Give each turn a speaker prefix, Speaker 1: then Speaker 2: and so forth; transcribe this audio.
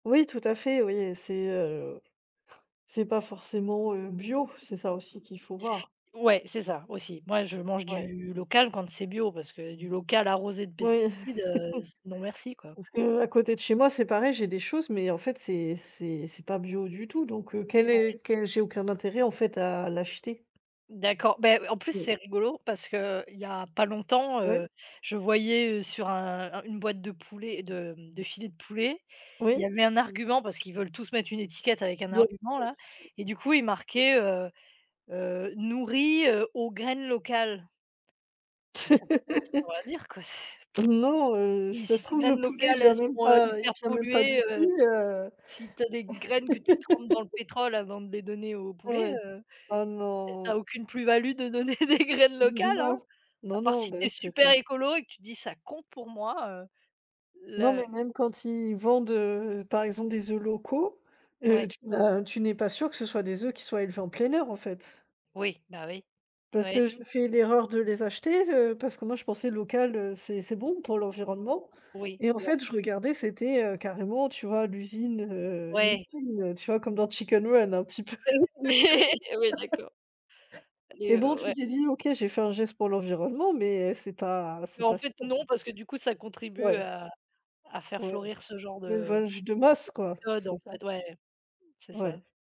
Speaker 1: Oui, tout à fait oui, heu et c'est, heu, c'est pas forcément, heu, bio. C'est ça aussi qu'il faut voir.
Speaker 2: Ouais, c'est ça aussi. Moi je mange
Speaker 1: Ouais.
Speaker 2: du local quand c'est bio, parce que du local arrosé de
Speaker 1: Oui.
Speaker 2: pesticides, heu, s non merci quoi.
Speaker 1: Parce qu'à côté de chez moi, c'est pareil, j'ai des choses, mais en fait c'est c'est c'est pas bio du tout, donc, heu, quel
Speaker 2: Ouais.
Speaker 1: est quel j'ai aucun intérêt en fait à l'acheter.
Speaker 2: D'accord, ben, heu, en plus
Speaker 1: Oui.
Speaker 2: c'est rigolo parce qu'il y a pas longtemps,
Speaker 1: Oui.
Speaker 2: heu, je voyais, heu, sur un un une boîte de poulet de, hem, de filet de poulet, il y
Speaker 1: Oui.
Speaker 2: avait un argument, parce qu'ils veulent tous mettre une étiquette avec un
Speaker 1: Bien sûr
Speaker 2: argument-là, et
Speaker 1: [unintelligible]
Speaker 2: du coup il marquait, heu heu, «nourris, heu, aux graines locales» mais ça v ça veut rien dire quoi, c'est
Speaker 1: Non, heu,
Speaker 2: si
Speaker 1: ça
Speaker 2: si
Speaker 1: se
Speaker 2: tes
Speaker 1: trouve le
Speaker 2: graines
Speaker 1: poulet, il
Speaker 2: locales,
Speaker 1: vient
Speaker 2: elles
Speaker 1: même
Speaker 2: sont, heu,
Speaker 1: pas il
Speaker 2: hyper
Speaker 1: vient même pas
Speaker 2: polluées,
Speaker 1: d'ici,
Speaker 2: heu,
Speaker 1: heu
Speaker 2: si tu as des graines que tu trempes dans le pétrole avant de les donner au
Speaker 1: Ouais
Speaker 2: poulet,
Speaker 1: ouais.
Speaker 2: heu
Speaker 1: Ah
Speaker 2: et ça
Speaker 1: non.
Speaker 2: a aucune plus-value de donner des graines
Speaker 1: N
Speaker 2: locales
Speaker 1: non.
Speaker 2: hein, à
Speaker 1: Non,
Speaker 2: part
Speaker 1: non.
Speaker 2: si
Speaker 1: Bah,
Speaker 2: tu es
Speaker 1: c'est
Speaker 2: super
Speaker 1: ça.
Speaker 2: écolo et que tu dis: «Ça compte pour moi», heu,
Speaker 1: Non,
Speaker 2: le
Speaker 1: mais même quand ils vendent, heu, par exemple des oeufs locaux, heu,
Speaker 2: Ouais.
Speaker 1: tu n'as tu n'es pas sûr que ce soit des œufs qui soient élevés en plein air en fait,
Speaker 2: Oui, bah oui.
Speaker 1: parce
Speaker 2: Oui,
Speaker 1: que
Speaker 2: c'est
Speaker 1: j'ai
Speaker 2: [unintelligible]
Speaker 1: fais l'erreur de les acheter, heu, parce que moi je pensais local, heu, c'est c'est bon pour l'environnement
Speaker 2: Oui,
Speaker 1: et en
Speaker 2: [unintelligible]
Speaker 1: fait je regardais, c'était, heu, carrément tu vois l'usine, heu, une
Speaker 2: Ouais.
Speaker 1: usine tu vois comme dans Chicken Run un petit peu,
Speaker 2: Eh oui. Eh oui, d'accord. Allez,
Speaker 1: et bon,
Speaker 2: heu,
Speaker 1: tu
Speaker 2: ouais.
Speaker 1: t'es dis: «OK, j'ai fait un geste pour l'environnement, mais, c'est pas
Speaker 2: Mais
Speaker 1: c'est
Speaker 2: en
Speaker 1: pas ça
Speaker 2: fait
Speaker 1: en
Speaker 2: non,
Speaker 1: fait.»
Speaker 2: parce que du coup ça contribue
Speaker 1: Ouais.
Speaker 2: à à faire
Speaker 1: Ouais.
Speaker 2: florir ce genre de
Speaker 1: L'élevage de masse quoi,
Speaker 2: de méthode
Speaker 1: c'est
Speaker 2: en
Speaker 1: ça.
Speaker 2: fait. Ouais, c'est ça.
Speaker 1: Ouais.